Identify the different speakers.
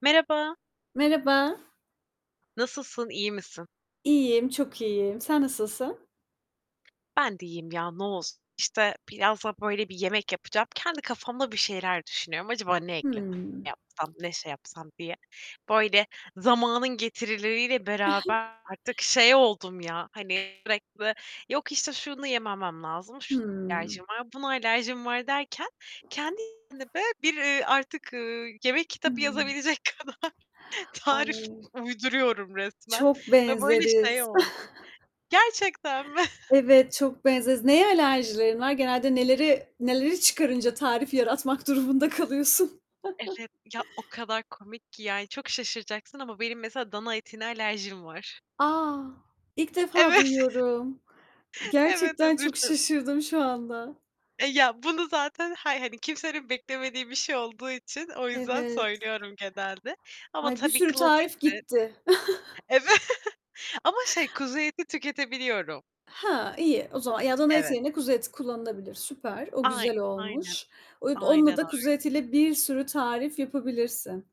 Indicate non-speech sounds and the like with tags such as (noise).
Speaker 1: Merhaba.
Speaker 2: Merhaba.
Speaker 1: Nasılsın, iyi misin?
Speaker 2: İyiyim, çok iyiyim. Sen nasılsın?
Speaker 1: Ben de iyiyim ya, ne olsun? İşte, birazdan, böyle, bir yemek yapacağım. Kendi kafamda bir şeyler düşünüyorum: Acaba ne eklesem, ne
Speaker 2: Hıı.
Speaker 1: yapsam, ne şey yapsam diye. Böyle, zamanın getirileriyle beraber
Speaker 2: (chuckles)
Speaker 1: artık şey oldum ya, hani, sürekli; yok, işte, şunu yememem lazım, şuna
Speaker 2: Hıı.
Speaker 1: alerjim var, buna alerjim var, derken kendi, (unintelligible) bir artık, ııı, yemek kitabı yazabilecek kadar
Speaker 2: (unintelligible)
Speaker 1: tarif
Speaker 2: Ay
Speaker 1: uyduruyorum resmen
Speaker 2: Çok
Speaker 1: ve böyle, şey
Speaker 2: benzeriz.
Speaker 1: oldu
Speaker 2: (chuckles)
Speaker 1: Gerçekten mi? (chuckles)
Speaker 2: Evet, çok benzeriz. Neye alerjilerin var? Genelde neleri neleri çıkarınca tarif yaratmak durumunda kalıyorsun? (chuckles)
Speaker 1: Evet, ya o kadar komik ki yani, çok şaşıracaksın ama benim mesela dana etine alerjim var.
Speaker 2: A! ilk defa
Speaker 1: Evet.
Speaker 2: duyuyorum.
Speaker 1: Evet.
Speaker 2: Gerçekten çok
Speaker 1: (unintelligible)
Speaker 2: şaşırdım şu anda.
Speaker 1: E, ya, bunu zaten, hay hani, kimsenin beklemediği bir şey olduğu için, o yüzden
Speaker 2: Evet.
Speaker 1: söylüyorum genelde ama
Speaker 2: Ay bir
Speaker 1: tabii
Speaker 2: sürü tarif
Speaker 1: klasiktir.
Speaker 2: gitti. (chuckles)
Speaker 1: Evet ama, şey, kuzu eti tüketebiliyorum.
Speaker 2: He, iyi. O zaman ya, dana eti
Speaker 1: Evet.
Speaker 2: yerine kuzu eti kullanılabilir. Süper. O
Speaker 1: Ay
Speaker 2: güzel
Speaker 1: aynen,
Speaker 2: olmuş. Oyd onunla
Speaker 1: aynen
Speaker 2: da,
Speaker 1: öyle.
Speaker 2: kuzu etiyle bir sürü tarif yapabilirsin.